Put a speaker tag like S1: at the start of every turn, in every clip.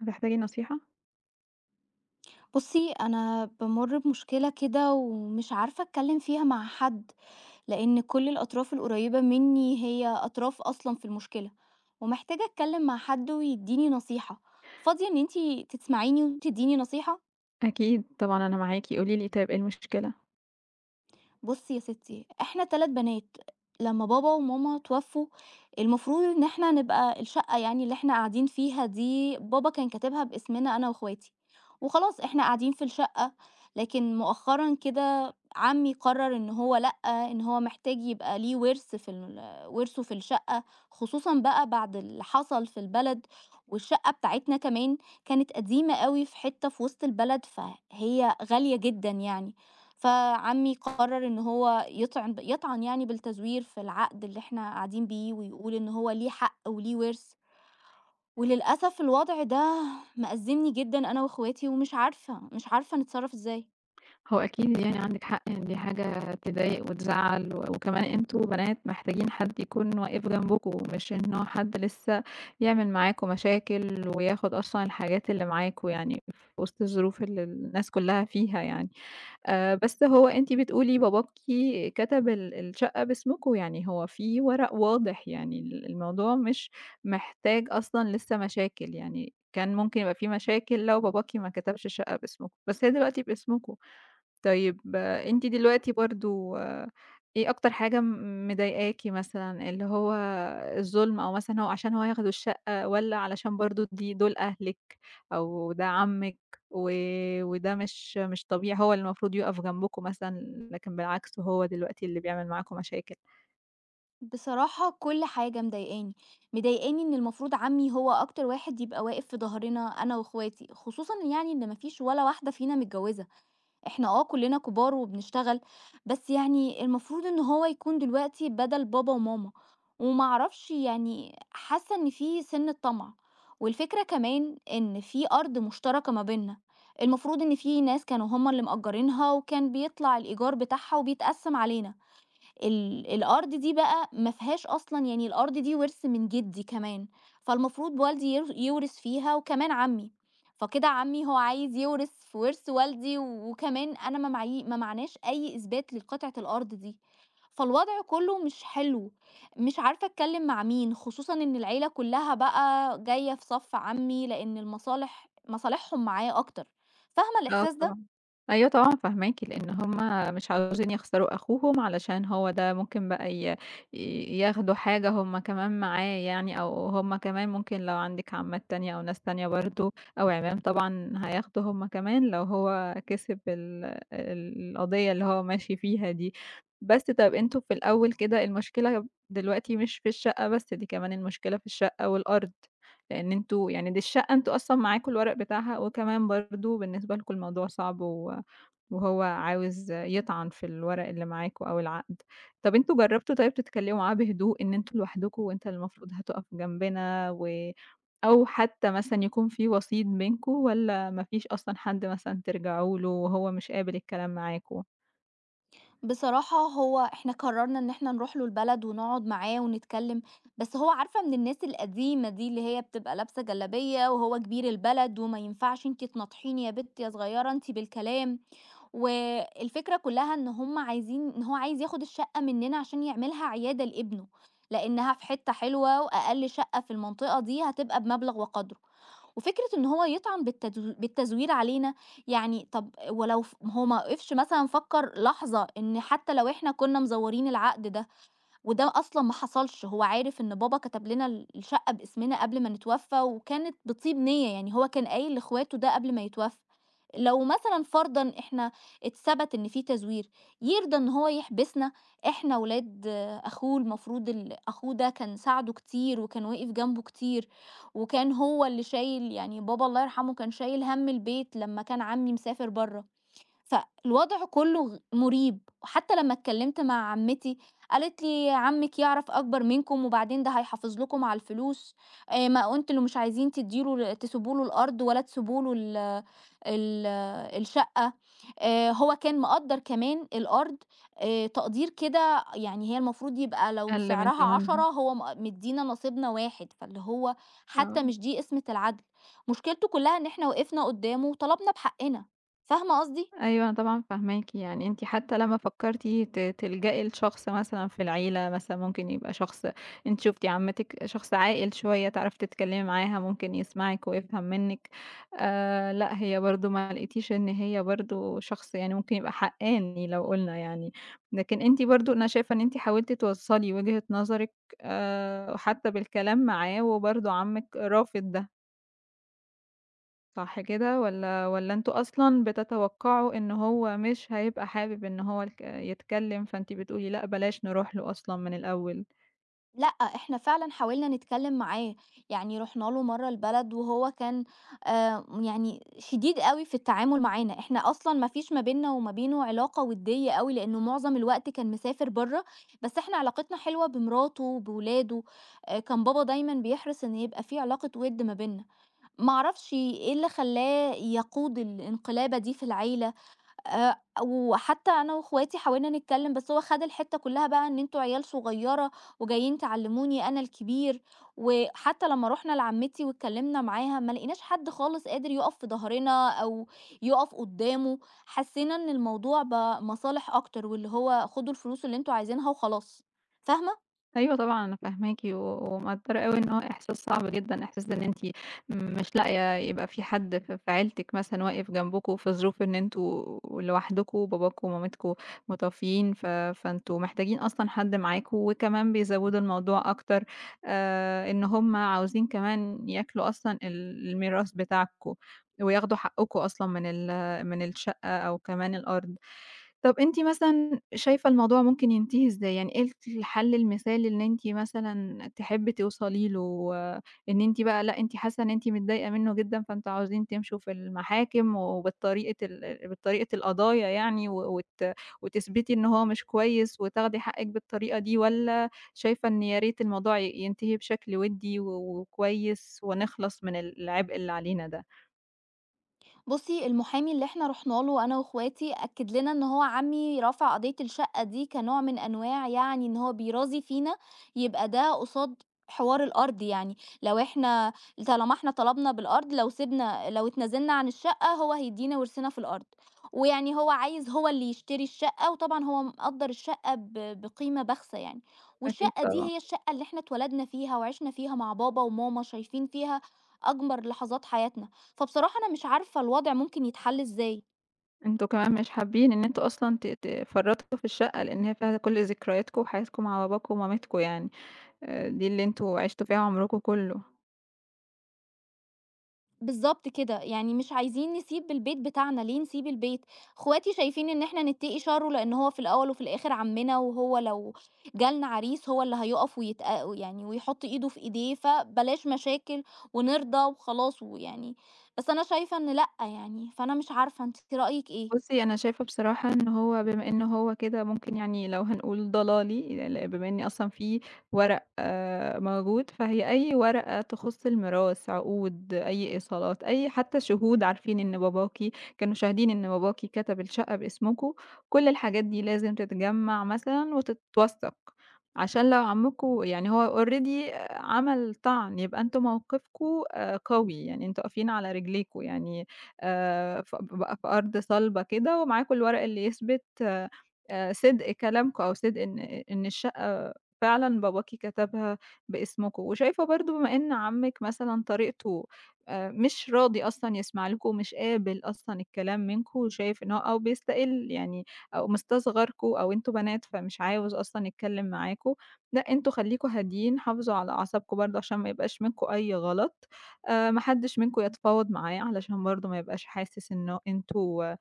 S1: هتحتاجي نصيحة؟
S2: بُصي، أنا بامُرّ بمشكلة كده ومش عارفة أتكلَّم فيها مع حد، لأن كل الأطراف القريبة مِنِّي هي أطراف أصلًا في المشكلة، ومحتاجة أتكلَّم مع حد ويدِّيني نصيحة. فاضِية إن أنتِ تسمعِيني وتدِّيني نصيحة؟
S1: أكيد، طبعًا، أنا معاكِ، قولي لي طيب إيه المشكلة؟
S2: بُصي يا ستِّي، إحنا 3 بنات، لمَّا بابا وماما توفُّوا، المفروض إن إحنا نبقى الشقَّة يعني اللي إحنا قاعدين فيها دي، بابا كان كاتِبها باسمنا أنا وإخواتي وخلاص، إحنا قاعدين في الشقَّة. لكن مؤخَّرًا كده، عمِّي قرَّر إن هو، لأ، إن هو محتاج يبقى ليه ورث في ال ورثه في الشقَّة، خصوصًا بقى بعد اللي حصل في البلد، والشقَّة بتاعتنا كمان كانت قديمة أوي في حتَّة في وسط البلد، فهي غالية جدًا يعني. فعمِّي قرَّر إن هو يطعن يطعَن يعني بالتزوير في العقد اللي إحنا قاعدين بيه، ويقول إن هو ليه حق وليه ورث وللأسف الوضع ده مأزَّمني جدًا أنا وإخواتي، ومش عارفة، مش عارفة نتصرَّف إزاي.
S1: هو أكيد يعني عندِك حق إن دي حاجة تضايق وتزعّل و وكمان أنتم بنات محتاجين حد يكون واقف جنبكم، مش إنه حد لسّه يعمل معاكم مشاكل، وياخد أصلًا الحاجات اللي معاكم يعني في وسط الظروف اللي الناس كُلّها فيها يعني، آآ بس هو أنتِ بتقولي باباكِ كتب ال الشقة باسمكم، يعني هو في ورق واضح، يعني ال الموضوع مش محتاج أصلًا لسه مشاكل، يعني كان مُمكن يبقى في مشاكل لو باباكِ ما كتبش الشقة باسمكم، بس هي دلوقتي باسمكم. طيب أنتِ دلوقتي برضه إيه أكتر حاجة م مضايقاكِ مثلًا اللي هو الظلم أو مثلًا هو عشان هو ياخدوا الشقة، والّا علشان برضه دي دُول أهلِك؟ أو ده عمِّك، وده مش مش طبيعي، هو المفروض يُقف جنبكم مثلًا، لكن بالعكس، هو دلوقتي اللي بيعمل معاكم مشاكل؟
S2: بصراحة، كل حاجة مضايقاني، مضايقاني إن المفروض عمي هو أكتر واحد يبقى واقف في ضهرنا أنا وإخواتي، خصوصًا يعني إن ما فيش ولا واحدة فينا متجوزة، إحنا آه كُلّنا كبار وبنشتغل، بس يعني المفروض إن هو يكون دلوقتي بدل بابا وماما، وما اعرفش يعني حاسة إن في سنة طمع، والفكرة كمان إن في أرض مشتركة ما بينّا، المفروض إن في ناس كانوا هُم اللي مأجّرينها، وكان بيطلع الإيجار بتاعها وبيتقسم علينا. ال الأرض دي بقى، ما فيهاش أصلًا يعني الأرض دي وِرث من جدي كمان، فالمفروض والدي ير يورث فيها وكمان عمي، فكده عمي هو عايز يورث في ورث والدي وكمان أنا ما معايي ما معاناش أي إثبات للقطعة الأرض دي، فالوضع كُلُّه مش حلو. مش عارفة أتكلم مع مين، خصوصًا إن العيلة كُلّها بقى، جاية في صف عمي لأن المصالح مصالحهم معاه أكتر، فاهمة
S1: آه
S2: الإحساس ده؟
S1: طبعًا. أيوه طبعًا، فاهماكِ. لأن همّ مش عاوزين يخسروا أخوهم، علشان هو ده ممكن بقى ي ياخدوا حاجة هُم كمان معاه يعني، أو هُم كمان ممكن لو عندِك عمّات تانية أو ناس تانية برضه أو عِمام طبعًا، هياخدوا هُم كمان لو هو كسب ال ال القضية اللي هو ماشي فيها دي. بس، طَب أنتم في الأول كده، المشكلة دلوقتي مش في الشقة بس، دي كمان المشكلة الشقة والأرض. لأن أنتم يعني دي الشقة أنتم أصلًا معاكم الورق بتاعها، وكمان برضه بالنسبة لكم الموضوع صعب و وهو عاوز يطعن في الورق اللي معاكم، أو العقد. طَب أنتم جربتم طيب تتكلموا معاه بهدوء، إن أنتم لوحدكم وأنت المفروض هتُقف جنبنا و أو حتى مثلًا يكون في وسيط بينكم؟ والّا ما فيش أصلًا حدّ مثلًا ترجعوا له، وهو مش قابل الكلام معاكم؟
S2: بصراحة، هو إحنا قرّرنا إن إحنا نرُوح له البلد ونقعد معاه ونتكلم، بس هو عارفة من الناس القديمة دي اللي هي بتبقى لابسة جلابية وهو كبير البلد، وما ينفعش أنتِ تناطحيني يا بِت يا صغيرة أنتِ بالكلام، و الفكرة كُلّها إن هم عايزين إن هو عايز ياخد الشقة منّنا عشان يعملها عيادة لابنُه، لأنها في حتّة حلوة، وأقل شقة في المنطقة دي هتبقى بمبلغ وقدرُه، وفكرة إنه هو يطعن بالتدو بالتزوير علينا، يعني طَب ولو هو ما وقفش مثلًا فكّر لحظة إن حتّى لو إحنا كنا مزورين العقد ده، وده أصلًا ما حصلش هو عارف إن بابا كَتَب لنا ال الشقة باسمنا قبل ما نتوفى وكانت بطِيب نية، يعني هو كان قايل لإخواتُه ده قبل ما يتوفى، لو مثلًا فرضًا إحنا اتثبَت إن في تزوير، يرضى إنه هو يحبسنا؟ إحنا ولاد آآ، أخوه المفروض ال أخوه ده كان ساعدُه كتير، وكان واقف جنبُه كتير، وكان هو اللي شايل يعني بابا الله يرحمُه كان شايل هَمّ البيت لمّا كان عمي مسافر برّه، فالوضع كُلُّه غ مُريب، حتّى لمّا اتكلّمت مع عمتي، قالت لي: "عمِّك يعرف أكبر منكم وبعدين ده هيحافظ لكم على الفلوس، ما أنتم اللي مش عايزين تدّي له تسيبوا له الأرض ولا تسيبوا له ال ال الشقة" آآ، هو كان مقدّر كمان الأرض آآ، تقدير كده يعني هي المفروض يبقى لو
S1: أقل من
S2: سعرها 10
S1: تمنها.
S2: هو م مدّينا نصيبنا 1 فاللي هو حتّى
S1: آه.
S2: مش دي قِسمِة العَدْل، مشكِلتُه كُلَّها إن إحنا وقفنا قُدَّامه وطلبنا بحقِّنا، فاهمة قصدي؟
S1: أيوه، أنا طبعًا فاهماكِ، يعني أنتِ حتى لمّا فكرتِ ت تلجأي لشخص مثلًا في العيلة مثلًا ممكن يبقى شخص أنتِ شُفتِ عمتِّك شخص عاقل شوية، تعرفي تتكلمي معاها، ممكن يسمعِك ويفهم منِّك آآ، لأ هي برضه ما لقيتيش إن هي برضه شخص يعني ممكن يبقى حقّاني لو قُلنا يعني، لكن أنتِ برضه أنا شايفة إن أنتِ حاولتِ توصّلي وجهة نظرِك آآ، حتى بالكلام معاه وبرضه عمِّك رافض ده. صح كده، والّا والّا أنتم أصلًا بتتوقَّعوا إنه هو مش هيبقى حابِب إن هو الك يتكلَّم؟ فأنتِ بتقولي لأ، بلاش نرُوح له أصلًا من الأوَّل.
S2: لأ، إحنا فعلًا حاولنا نتكلَّم معاه، يعني رُحنا له مرَّة البلد، وهو كان آآ، يعني شديد أوي في التعامل معانا. إحنا أصلًا ما فيش ما بيننا وما بينه علاقة ودِّيَّة أوي، لأنه معظَم الوقت كان مسافر برَّه. بس إحنا علاقتنا حلوة بمراته وبأولاده، كان بابا دايمًا بيحرص إنه يبقى في علاقة وُدّ ما بينَّا. ما أعرفش إيه اللي خلَّاه يقود الانقلابة دي في العيلة. آآ، وحتى أنا وأخواتي حاولنا نتكلَّم، بس هو خَد الحتَّة كلّها بقى إن: "أنتم عيال صغيرة وجايين تعلِّموني أنا الكبير." وحتى لمَّا رُحنا لعمِّتي واتكلَّمنا معاها، ما لقِيناش حد خالص قادر يقف في ضهرنا أو يقف قُدَّامه، حسّينا إن الموضوع بقى مصالح أكتر، واللي هو: "خُدوا الفلوس اللي أنتم عايزِينها وخلاص." فاهِمة؟
S1: أيوه طبعًا، أنا فاهماكِ و ومقدِّرة أوي، إنه هو إحساس صعب جدًا، إحساس إن أنتِ مش لاقِية يبقى في حد ف في عيلتِك مثلًا واقِف جنبَكم، في ظروف إن أنتم لوحدكم وباباكم ومامتكُم متوفِّيين. ف فأنتم محتاجين أصلًا حد معاكم، وكمان بيزوّدوا الموضوع أكتر، آآ، إن هُم عاوزين كمان ياكُلوا أصلًا ال الميراث بتاعَكم ويأخُدوا حقَّكم أصلًا من ال من الشقَّة أو كمان الأرض. طب أنتِ مثلًا شايِفة الموضوع ممكن ينتهِي إزاي يعني؟ إيه ال الحل المثالي إن أنتِ مثلًا تحبّي توصلي له؟ إن أنتِ بقى، لأ، أنتِ حاسَّة إن أنتِ متضايِقة منه جدًا، فأنتم عاوزين تمشوا في المحاكم وبالطريقة ال بطريقة القضايا يعني، و وت وتثبَتِي إن هو مش كويِس وتاخُدي حقِّك بالطريقة دي، والّا شايِفة إن يا ريت الموضوع ي ينتهِي بشكل ودِّي و وكويِس ونخلَص من العبء اللي علينا ده؟
S2: بُصي، المحامي اللي إحنا رُحنا له أنا وأخواتي أكد لنا إن هو عمي رفع قضية الشقة دي كنوع من أنواع يعني إن هو بيرازي فينا، يبقى ده قصاد حوار الأرض يعني، لو إحنا طالما إحنا طلبنا بالأرض لو سبنا لو اتنازلنا عن الشقة هو هيدينا ورثنا في الأرض، ويعني هو عايز هو اللي يشتري الشقة وطبعًا هو مقدر الشقة ب بقيمة بخسة يعني،
S1: أكيد
S2: والشقة دي
S1: طبعًا.
S2: هي الشقة اللي إحنا اتولدنا فيها وعشنا فيها مع بابا وماما شايفين فيها أجمل لحظات حياتنا، فبصراحة أنا مش عارفة الوضع ممكن يتحل إزاي!
S1: أنتم كمان مش حابين إن أنتم أصلًا ت تفرّطوا في الشقة، لإن هي فيها كل ذكرياتكم وحياتكم مع باباكم ومامتكم يعني، دي اللي أنتم عِشتم فيها عمركم كله.
S2: بالضبط كده، يعني مش عايزين نسيب البيت بتاعنا، ليه نسيب البيت؟ أخواتي شايفين إن إحنا نتقي شره لأنه هو في الأول وفي الآخر عمنا وهو لو جالنا عريس هو اللي هيوقَف ويتأ يعني ويحط إيده في إيديه فبلاش مشاكل ونرضى وخلاص ويعني، بس أنا شايفة إن لأ يعني، فأنا مش عارفة أنتِ رأيِك إيه؟
S1: بُصي، أنا شايفة بصراحة إنه هو بمَا إنه هو كده ممكن يعني لو هنقول ضلالي، بمَا إن أصلًا في ورق آآ، موجود، فهي أي ورقة تخص الميراث، عقود، أي إيصالات، أي حتى شهود عارفين إن باباكِ كانوا شاهدين إن باباكِ كتب الشقة باسمكم كل الحاجات دي لازم تتجمّع مثلًا وتتوثق، عشان لو عمّكم يعني هو already عمل طَعْن، يبقى أنتم موقفكم قوي يعني أنتم واقفين على رجليكم يعني آآ، ف ب بقى في أرض صلبة كده ومعاكم الورق اللي يِثبِت آآ، صِدق كلامكم أو صِدق إن إن الشقة فعلًا باباكِ كتبها باسمكم، وشايفة برضه بما إن عمِك مثلًا طريقته مش راضي أصلًا يسمع لكم، ومش قابل أصلًا الكلام منكم، وشايف إنه أو بيِستقِل يعني أو مستصغركم أو أنتم بنات فمش عايز أصلًا يتكلم معاكم لأ، أنتم خليكوا هاديين حافظوا على أعصابكم برضه عشان ما يبقاش منكم أي غلط آآ، ما حدش منكم يتفاوض معاه علشان برضه ما يبقاش حاسس إنه أنتم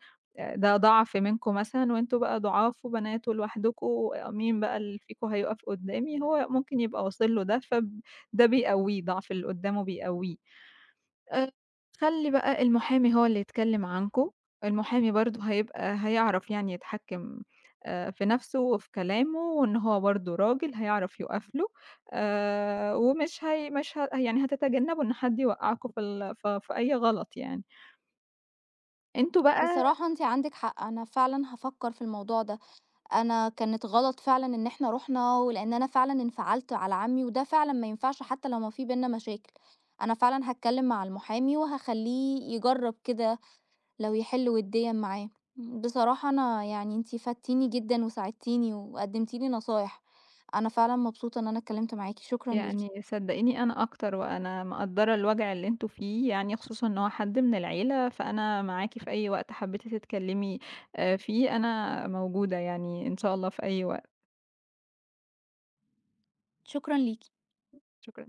S1: ده ضعف منكم مثلًا، وأنتم بقى ضُعاف وبنات ولوحدكم مين بقى اللي فيكم هيوقف قدامي، هو ممكن يبقى واصل له ده، فب ده بيقويه ضعف اللي قدامه بيقويه آآ، خَلِّي بقى المحامي هو اللي يتكلم عنكم، المحامي برضه هيبقى هيعرف يعني يتحكم آآ، في نفسه وفي كلامه وإن هو برضه راجل هيعرف يقف له آآ، ومش هي مش ه يعني هتتجنبوا إن حد يوقعكم في ال في في أي غلط يعني. أنتم بقى
S2: بصراحة أنتِ عندِك حق، أنا فعلًا هافكر في الموضوع ده، أنا كانت غلط فعلًا إن إحنا رُحنا ولإن أنا فعلًا انفعلت على عمي، وده فعلًا ما ينفعش حتى لو ما في بيننا مشاكل، أنا فعلًا هاتكلم مع المحامي وهاخلّيه يجرب كده لو يحل وِدّيًا معاه، بصراحة أنا يعني أنتِ فدتِيني جدًا وساعدتِيني وقدمتِ لي نصايح، أنا فعلًا مبسوطة إن أنا اتكلمت معاكِ، شكرًا ليكِ.
S1: يعني صدقيني أنا أكتر، وأنا مقدرة الوجع اللي أنتم فيه، يعني خصوصًا إن هو حد من العيلة، فأنا معاكِ في أي وقت حبيتِ تتكلمي فيه أنا موجودة يعني، إن شاء الله في أي وقت.
S2: شكرًا ليكِ.
S1: شكرًا.